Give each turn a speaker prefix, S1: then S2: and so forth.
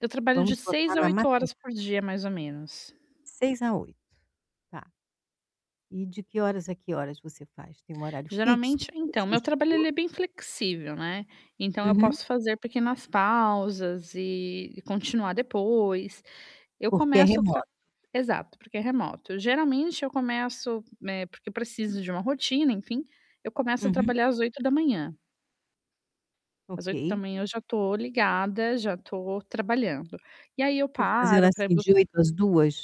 S1: Eu trabalho de
S2: Vamos
S1: 6
S2: botar
S1: a
S2: na
S1: 8 horas
S2: matemática.
S1: por dia mais ou menos.
S2: 6h a 8h, tá. E de que horas a que horas você faz? Tem um horário fixo
S1: Geralmente
S2: que
S1: então,
S2: você
S1: meu trabalho
S2: estipula?
S1: ele é bem flexível, né. Então eu
S2: Uhum.
S1: posso fazer pequenas pausas e, e continuar depois. Eu
S2: Porque é
S1: começo a tra
S2: remoto.
S1: exato, porque é remoto. Eu, geralmente, eu começo eh, porque preciso de uma rotina, enfim, eu começo a
S2: Uhum.
S1: trabalhar às 8h Às oito da
S2: Ok.
S1: manhã eu já tô ligada, já tô trabalhando. E aí eu
S2: Que eu fazer
S1: paro para ir
S2: assim,
S1: bus
S2: de 8h às 14h?